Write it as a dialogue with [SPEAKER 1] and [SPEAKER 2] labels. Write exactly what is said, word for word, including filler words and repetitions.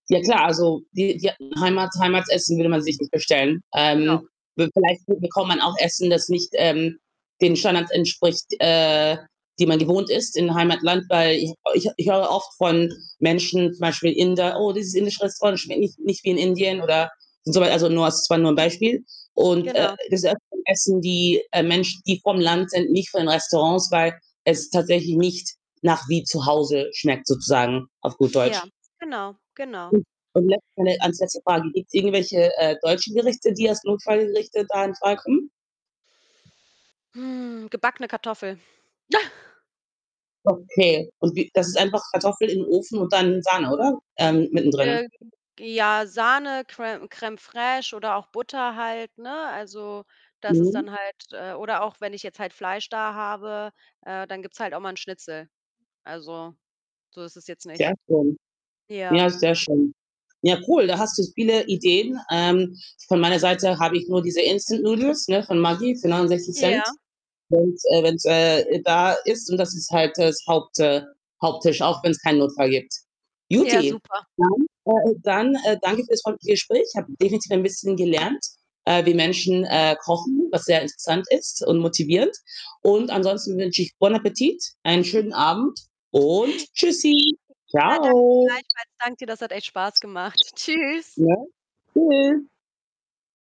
[SPEAKER 1] Ja klar, also, die die Heimat Heimatsessen würde man sich nicht bestellen.
[SPEAKER 2] Genau.
[SPEAKER 1] Ähm, we vielleicht bekommt man auch Essen, das nicht, ähm, den Standards entspricht, äh, die man gewohnt ist in Heimatland, weil ich ich ich höre oft von Menschen, zum Beispiel Inder: „Oh, dieses indische Restaurant schmeckt nicht nicht wie in Indien.“ oder und so was. Also, nur s das war nur ein Beispiel. Und, äh,
[SPEAKER 2] Genau.
[SPEAKER 1] das öfteren essen die, äh, Menschen, die vom Land sind, nicht von Restaurants, weil es tatsächlich nicht nach wie zu Hause schmeckt, sozusagen auf gut
[SPEAKER 2] Ja,
[SPEAKER 1] Deutsch.
[SPEAKER 2] genau, genau.
[SPEAKER 1] [unintelligible] als letzte Frage: Gibt's irgendwelche, äh, deutsche Gerichte, die als Notfallgerichte da in Frage kommen?
[SPEAKER 2] Mhm, gebackene Kartoffel.
[SPEAKER 1] Okay. Und wie das ist einfach Kartoffel in Ofen und dann in Sahne oder? Ähm, mittendrin?
[SPEAKER 2] [unintelligible] ja, Sahne, Crèm Crème fraîche oder auch Butter halt, ne? Also, das ist
[SPEAKER 1] Mhm.
[SPEAKER 2] dann halt äh, oder auch wenn ich jetzt halt Fleisch da habe, äh, dann gibt's halt auch mal 'n Schnitzel. Also, so ist es jetzt
[SPEAKER 1] Sehr
[SPEAKER 2] nicht.
[SPEAKER 1] schön.
[SPEAKER 2] Ja.
[SPEAKER 1] Ja, sehr schön. Ja, cool, da hast du viele Ideen. Ähm, von meiner Seite habe ich nur diese Instant-Noodles, ne, von Maggie, für neunundsechzig Cent.
[SPEAKER 2] Ja.
[SPEAKER 1] Und, äh, wenn's da ist und das ist halt das Haupt äh, Haupttisch, auch wenn's keinen Notfall gibt.
[SPEAKER 2] Ja,
[SPEAKER 1] Guti.
[SPEAKER 2] super.
[SPEAKER 1] Dann, äh, dann, äh, danke ich fürs freundliche Gespräch. Habe definitiv ein bisschen gelernt, äh, wie Menschen, äh, kochen, was sehr interessant ist und motivierend. Und ansonsten wünsche ich: Bon appétit, einen schönen Abend und Tschüssi.
[SPEAKER 2] [unintelligible] Ja, danke
[SPEAKER 1] Tschau.
[SPEAKER 2] gleichfalls. Danke dir. Das hat echt Spaß gemacht. Tschüss.
[SPEAKER 1] Ja, tschüss.